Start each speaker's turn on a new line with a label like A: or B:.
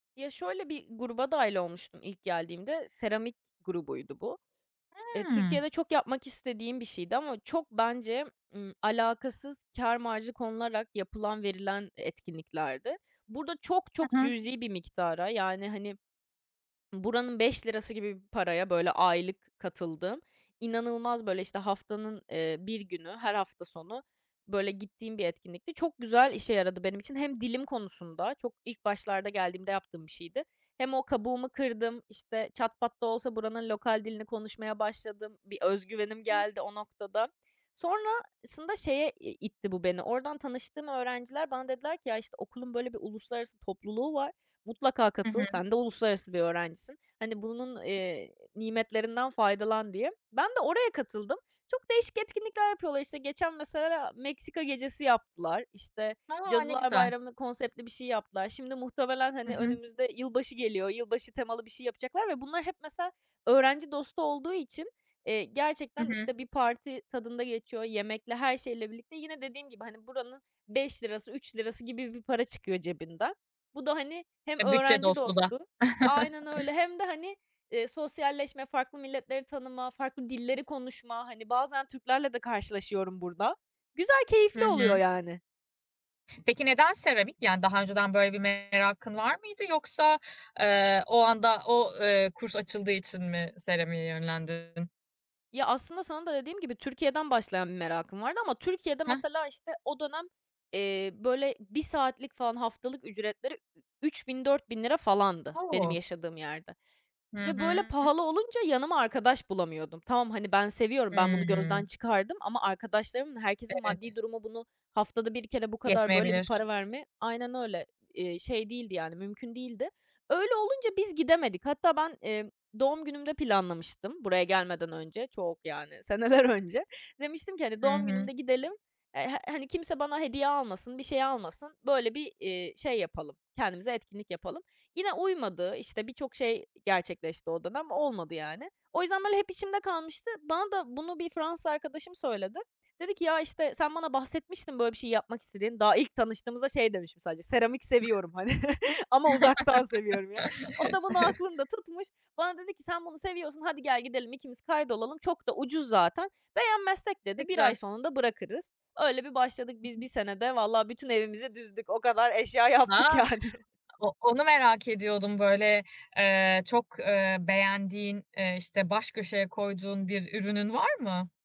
A: Ya şöyle: Bir gruba dâhil olmuştum ilk geldiğimde, seramik grubuydu bu. Eee,
B: Hımm.
A: Türkiye'de çok yapmak istediğim bir şeydi ama çok bence, ımm, alakasız, kâr marjı konularak yapılan, verilen e etkinliklerdi. Burada çok, çok
B: [unintelligible]
A: cüzi bir miktara, yani, hani, buranın 5 lirası gibi bir paraya, böyle, aylık katıldığım. İnanılmaz, böyle, işte, haftanın, eee, 1 günü, her hafta sonu, böyle, gittiğim bir etkinlikti. Çok güzel işe yaradı benim için. Hem dilim konusunda, çok ilk başlarda geldiğimde yaptığım bir şeydi, hem o kabuğumu kırdım, işte, çat pat da olsa buranın lokal dilini konuşmaya başladım. Bir öz güvenim geldi o
B: [unintelligible]
A: noktada. Sonrasında şeye, eee, itti bu beni, oradan tanıştığım öğrenciler bana dediler ki: "Ya, işte, okulun böyle bir uluslararası topluluğu var, mutlaka
B: Hı
A: katıl,
B: hı.
A: sen de uluslararası bir öğrencisin, hani, bunun, eee, nimetlerinden faydalan." diye. Ben de oraya katıldım. Çok değişik etkinlikler yapıyorlar, işte, geçen mesela Meksika gecesi yaptılar, işte,
B: A! Ne
A: Cadılar
B: güzel.
A: Bayramı'na konseptli bir şey yaptılar. Şimdi muhtemelen,
B: Hı
A: hani,
B: hı.
A: önümüzde yılbaşı geliyor, yılbaşı temalı bir şey yapacaklar ve bunlar hep mesela öğrenci dostu olduğu için, eee,
B: Hı
A: gerçekten,
B: hı.
A: işte, bir parti tadında geçiyor, yemekle, her şeyle birlikte. Yine dediğim gibi, hani, buranın 5 lirası, 3 lirası gibi bir para çıkıyor cebinden. Bu da, hani, hem
B: E, bütçe
A: öğrenci
B: dostu da.
A: dostu, aynen öyle, hem de, hani, eee, sosyalleşme, farklı milletleri tanıma, farklı dilleri konuşma. Hani, bazen Türklerle de karşılaşıyorum burada. Güzel,
B: Hı
A: keyifli oluyor
B: hı.
A: yani.
B: Peki neden seramik? Yani daha önceden böyle bir merakın var mıydı yoksa, eee, o anda, o eee, kurs açıldığı için mi seramiğe yönlendin?
A: Ya, aslında sana da dediğim gibi Türkiye'den başlayan bir merakım vardı ama Türkiye'de
B: Heh.
A: mesela, işte, o dönem, eee, böyle 1 saatlik falan haftalık ücretleri ü-üç bin 4000 lira falandı benim
B: O!
A: yaşadığım yerde
B: Hı
A: ve böyle
B: hı.
A: pahalı olunca yanıma arkadaş bulamıyordum. Tamam, hani, ben seviyorum, ben bunu
B: Hıı.
A: gözden çıkardım ama arkadaşlarımın, herkesin
B: Evet.
A: maddi durumu bunu haftada 1 kere bu kadar böyle bir
B: Yetmeyebilir.
A: para vermeye Aynen öyle, eee, şey değildi yani, mümkün değildi. Öyle olunca biz gidemedik. Hatta ben, emm, doğum günümde planlamıştım buraya gelmeden önce, çok yani, seneler önce. Demiştim ki: "Hani,
B: Hı
A: doğum
B: hı.
A: günümde gidelim, eee, eee, hani, kimse bana hediye almasın, bir şey almasın, böyle bir, eee, şey yapalım, kendimize etkinlik yapalım." Yine uymadı, işte, birçok şey, eee, gerçekleşti o dönem, olmadı yani. O yüzden, böyle, hep içimde kalmıştı. Bana da bunu bir Fransız arkadaşım söyledi. Dedi ki: "Ya, işte, sen bana bahsetmiştin böyle bir şeyi yapmak istediğini." Daha ilk tanıştığımızda şey demişim sadece, "Seramik seviyorum." Hani, ama uzaktan seviyorum ya. O da bunu aklında tutmuş. Bana dedi ki: "Sen bunu seviyorsun. Hadi gel gidelim, ikimiz kayıt olalım. Çok da ucuz zaten. Beğenmezsek,"
B: Ne
A: dedi, "1 ay
B: güzel.
A: sonunda bırakırız." Öyle bir başladık biz 1
B: [unintelligible]
A: senede vallahi bütün evimizi düzdük. O kadar eşya
B: Ha,
A: yaptık yani.
B: o o nu merak ediyordum. Böyle, eee, çok, eee, beğendiğin, ııı, işte, baş köşeye koyduğun bir ürünün var mı?